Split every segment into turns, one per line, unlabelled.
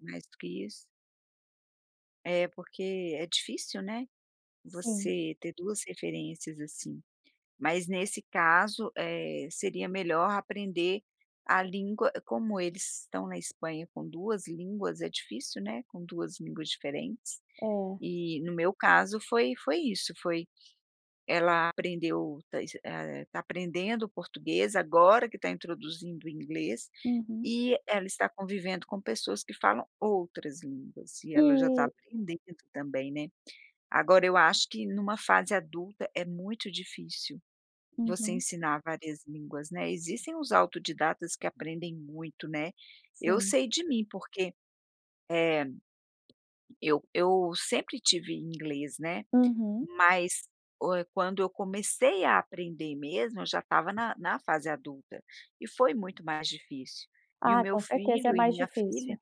Mais do que isso é porque é difícil, né,
Sim.
você ter 2 referências assim. Mas nesse caso, eh, seria melhor aprender a língua como eles estão na Espanha com 2 línguas, é difícil, né, com 2 línguas diferentes.
É.
E, no meu caso, foi foi isso, foi ela aprendeu tá iss eh, tá aprendendo português, agora que está introduzindo o inglês
Uhum.
e ela está convivendo com pessoas que falam outras línguas, e ela já está
E
aprendendo também, né. Agora eu acho que em uma fase adulta é muito difícil você
Uhum.
ensinar várias línguas, né, existem os autodidatas que aprendem muito, né. Eu
Sim.
sei de mim, porque, eh, eu eu sempre tive inglês, né,
Uhum.
mas o eh, quando eu comecei a aprender mesmo, eu já estava na na fase adulta e foi muito mais difícil. E o
Ah,
meu
com certeza é
filho e
mais
minha
difícil.
filha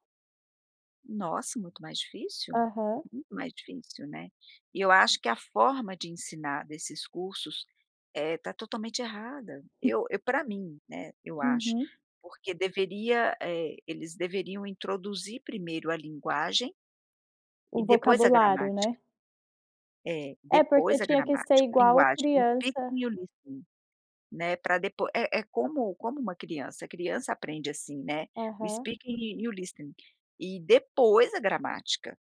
Nossa, muito mais difícil.
Aham.
Muito mais difícil, né. E eu acho que a forma de ensinar desses cursos, eh, está totalmente errada. Eu eu para mim, né, eu acho.
Uhum.
Porque deveria, eh, eles deveriam introduzir primeiro a linguagem e
O
depois a
vocabulário,
gramática.
né.
Eh,
É, porque
depois a
tinha que ser
gramática,
igual
linguagem, o
criança
speaking e o listening, né, para depois é é como como uma criança, a criança aprende assim, né, o
Aham.
speaking e o listening e depois a gramática.